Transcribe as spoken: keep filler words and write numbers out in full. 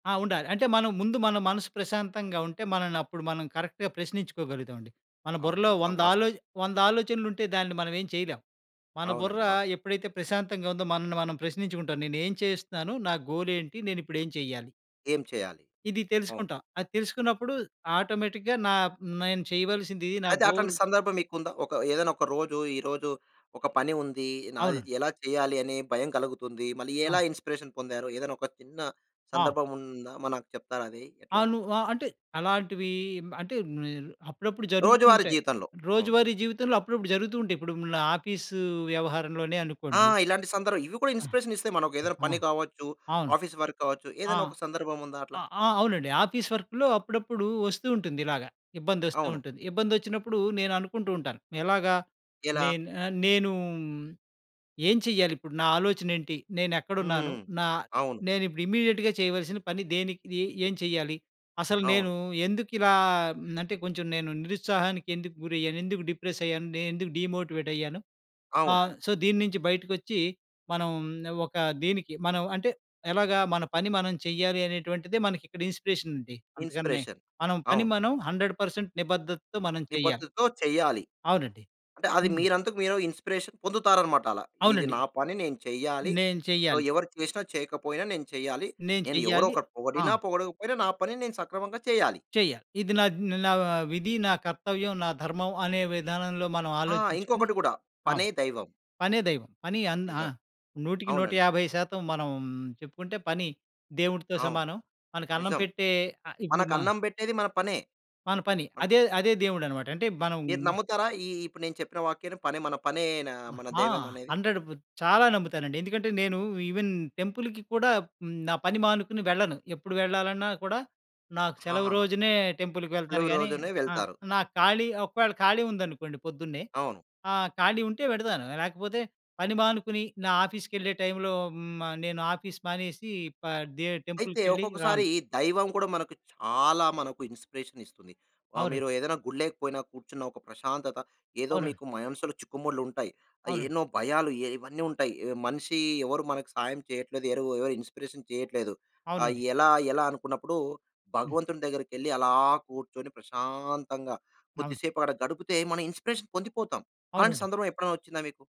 ఆ! ఉండాలి. అంటే మనం ముందు మన మనసు ప్రశాంతంగా ఉంటే, మనల్ని అప్పుడు మనం కరెక్ట్‌గా ప్రశ్నించుకోగలుగుతాం అండి. మన అవును. బుర్రలో నిజంగా వాస్తవం. వందదాలోచ వంద ఆలోచనలుంటే దాన్ని మనం ఏం చేయలేం. మన బుర్ర అవునండి వా ఎప్పుడైతే ప్రశాంతంగా ఉందో, మనల్ని మనం ప్రశ్నించుకుంటాం. నేనేం చేస్తున్నాను? నా గోలేంటి? నేనిప్పుడేం చేయాలి? ఏం చేయాలి? ఇది అవును. తెలుసుకుంటా. అది తెలుసుకున్నప్పుడు ఆటోమేటిక్‌గా నా నేను చేయవలసిందిది. నా అయితే అట్లాంటి గోల్ సందర్భం మీకుందా? ఒక ఏదైనా ఒక రోజు ఈరోజు ఒక పని ఉంది. అవును. నాదిది ఎలా చేయాలి? అని భయం కలుగుతుంది. మళ్ళీ ఆ! ఎలా ఇన్‌స్పిరేషన్ పొందారు. ఏదైనా ఒక చిన్న ఆ! సందర్భం ఉందా? మ నాకు చెప్తారా అది ఎట్లానో? అవును. ఆహ్, అంటే అలాంటివి మ అంటే నేను అప్పుడప్పుడు రోజువారీ జరుగుతుంటాయి. జీవితంలో. అవునండి. రోజువారీ జీవితంలో అప్పుడప్పుడు జరుగుతూ ఉంటాయి. ఇప్పుడు నా ఆఫీసు వ్యవహారంలోనే ఆ! అనుకోండి. ఇలాంటి సందరు ఇవి కూడా అ! ఇన్‌స్పిరేషన్ ఇస్తయి. మనకు ఏదైనా ఆ! పని కావచ్చు, అవును. ఆఫీస్ వర్క్ కావచ్చు. ఆ! ఏదైనా ఒక సందర్భం ఉందా అట్లా? ఆ ఆ! అవునండి ఆఫీస్ వర్క్‌లో అప్పుడప్పుడు వస్తూ ఉంటుంది ఇలాగ. ఇబ్బంది వస్తూ అవును. ఉంటుంది. ఇబ్బందొచ్చినప్పుడు నేననుకుంటూ ఉంటాను. ఎలాగా? ఎలా? నేన్ ఆహ్, నేను ఏం చేయ్యాలిప్పుడు? నా ఆలోచనేంటి? నేనెక్కడున్నాను? హ్మ్. నా అవును. నేనిప్పుడు ఇమీడియేట్‌గా చేయవలసిన పని దేనికి? ఏం చేయాలి? అసలు నేను అవును. ఎందుకు ఇలా మ్ అంటే కొంచెం నేను నిరుత్సాహానికి ఎందుకు గురయ్యాను, ఎందుకు డిప్రెస్ అయ్యాను, నేనెందుకు డీమోటివేట్ అయ్యాను అవును. ఆహ్, సో, దీని నించి బయటకొచ్చి, మనం ఒక దీనికి మనం అంటే ఎలాగా? మన పని మనం చెయ్యాలి అనేటువంటిదే మనకి ఇక్కడ ఇన్‌స్పిరేషనుంది. అంతకన్నే ఇన్‌స్పిరేషన్. మనం పని అవును. మనం హండ్రెడ్ పర్సెంట్ నిబద్దతతో మనం చెయ్యాలి. నిబద్దతతో చెయ్యాలి. అవునండీ. అంటే అది హ్మ్. మీరంతకు మీరు ఇన్‌స్పిరేషన్ పొందుతారన్నమాట అలా. ఇది నా అవునండి. పని నేను చెయ్యాలి. నేను సో, చెయ్యాలి. ఎవరు చేసినా, చేయకపోయినా నేను చెయ్యాలి. నేను నేను ఎవరో చెయ్యాలి. ఒకరు ఆ! పొగడినా పొగడకపోయినా, నా పనిని నేను సక్రమంగా చెయ్యాలి. చెయ్యాలి. ఇది నాద్ నా ఆహ్, విధి, నా కర్తవ్యం, నా ధర్మం అనే విధానంలో మనం ఆ! ఆలోచించుకొని ఇంకొకటి గూడా. పనే అవును. దైవం. పనే దైవం. పని అన్ ఆ! నిజం. నూటికి నూట అవునండి. యాభై శాతం మనం చెప్పుకుంటే పని దేవుడితో అవును. సమానం. మనకి అన్నం నిజం. పెట్టే ఆహ్, ఇప్పుడు మా మనకన్నం పెట్టేది మన పనే. మన పని. అన్ అదే, అదే దేవుడనమాట. అంటే మనం మీరు నమ్ముతారా? ఈ ఇప్పుడు నేను చెప్పిన వాక్యాన్ని? పని మన పనే‌ నా అ! మన ఆ! దైవం అనేది. హండ్రెడు చాలా నమ్ముతానండి. ఎందుకంటే నేను ఈవెన్ టెంపుల్‌కి కూడా, హ్మ్, నా పని మానుకుని వెళ్ళను. ఎప్పుడు వెళ్లాలన్నా కూడా నాకు ఆ! సెలవు రోజునే టెంపుల్‌కి వెళ్తాను సెలవు కానీ, రోజునే ఆహ్, వెళ్తారు. నాకు ఖాళీ ఒకవేళ ఖాళీ ఉందనుకోండి పొద్దున్నే. అవును. ఆ! ఖాళీ ఉంటే వెళతాను. లేకపోతే, పని మానుకుని, నా ఆఫీస్‌కెళ్ళే టైమ్‌లో హ్మ్. ఆహ్, నేను ఆఫీస్ మానేసి పదే అయితే, టెంపుల్‌కెళ్లి ఒక్కొక్కసారి రాను. దైవం కూడా మనకు చాలా మనకు ఇన్‌స్పిరేషనిస్తుంది. ఆ మీరు అవునండి. ఏదైనా గుళ్ళేకి పోయినా కూర్చున్న ఒక ప్రశాంతత ఏదో అవునండి. మీకు మనసులు చిక్కుముడులుంటాయి. ఆహ్, అవునండి. ఎన్నో భయాలు ఎ ఇవన్నీ ఉంటాయి. ఎ మనిషి ఎవరు మనకు సాయం చెయ్యట్లేదు. ఎరవు ఎవరు ఇన్‌స్పిరేషన్ చెయ్యట్లేదు. ఆహ్, అవునండి. ఎలా, ఎలా? అనుకున్నప్పుడు హ్మ్. భగవంతుని దగ్గరికెళ్ళి అలా కూర్చొని, ప్రశాంతంగా అవును. కొద్దిసేపు అక్కడ గడుపుతే మన ఇన్‌స్పిరేషన్ పొందిపోతాం. అలాంటి అవునండి. సందర్భం ఎప్పుడైనా వచ్చిందా మీకు?